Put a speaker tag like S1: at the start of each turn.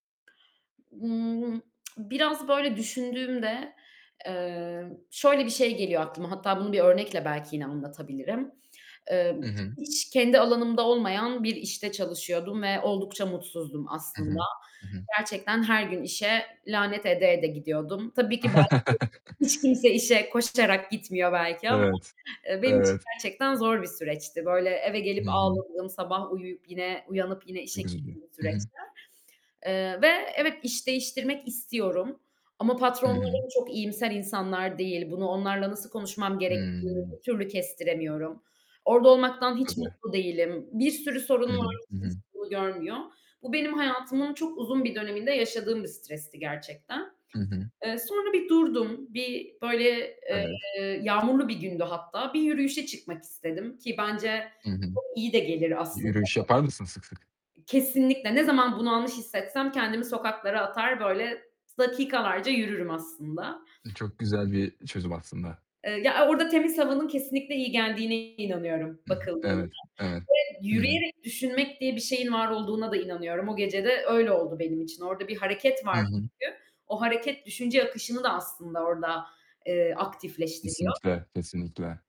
S1: Imm, biraz böyle düşündüğümde, eee, şöyle bir şey geliyor aklıma; hatta bunu bir örnekle belki yine anlatabilirim. Eee,
S2: Hı hı.
S1: hiç kendi alanımda olmayan bir işte çalışıyordum ve oldukça mutsuzdum
S2: Hı
S1: aslında.
S2: hı, hı hı.
S1: Gerçekten her gün işe lanet ede ede gidiyordum. Tabii ki belki hiç kimse işe koşarak gitmiyor belki ama,
S2: Evet.
S1: eee, benim için
S2: Evet.
S1: gerçekten zor bir süreçti. Böyle eve gelip
S2: Hı hı.
S1: ağladığım, sabah uyuyup, yine uyanıp yine işe
S2: Çok üzülüyor,
S1: gittiğim bir
S2: hı hı.
S1: süreçti. Eee, ve evet, iş değiştirmek istiyorum ama
S2: Hı hı.
S1: patronlarım çok iyimser insanlar değil. Bunu onlarla nasıl konuşmam gerektiğini
S2: Hıı.
S1: bir türlü kestiremiyorum. Orada olmaktan hiç
S2: Tabii.
S1: mutlu değilim, bir sürü sorun
S2: Hı hı,
S1: var,
S2: hı
S1: hiç kimse
S2: hı.
S1: bunu görmüyor. Bu, benim hayatımın çok uzun bir döneminde yaşadığım bir stresti gerçekten.
S2: Hı hı.
S1: Eee, sonra bir durdum, bir böyle,
S2: Evet.
S1: eee, yağmurlu bir gündü hatta, bir yürüyüşe çıkmak istedim, ki bence
S2: Hı hı.
S1: çok iyi de gelir aslında
S2: Yürüyüş
S1: bu.
S2: yapar mısın sık sık?
S1: Kesinlikle, ne zaman bunalmış hissetsem kendimi sokaklara atar, böyle s dakikalarca yürürüm aslında.
S2: E, çok güzel bir çözüm aslında.
S1: Eee, ya, o orada temiz havanın kesinlikle iyi geldiğine inanıyorum
S2: I hı.
S1: bakıldığında
S2: Evet, evet.
S1: ve
S2: I hı.
S1: yürüyerek düşünmek diye bir şeyin var olduğuna da inanıyorum. O gece de öyle oldu benim için. Orada bir hareket
S2: Hı
S1: var
S2: hı.
S1: çünkü. O hareket düşünce akışını da aslında orada, eee, aktifleştiriyor.
S2: Kesinlikle, kesinlikle.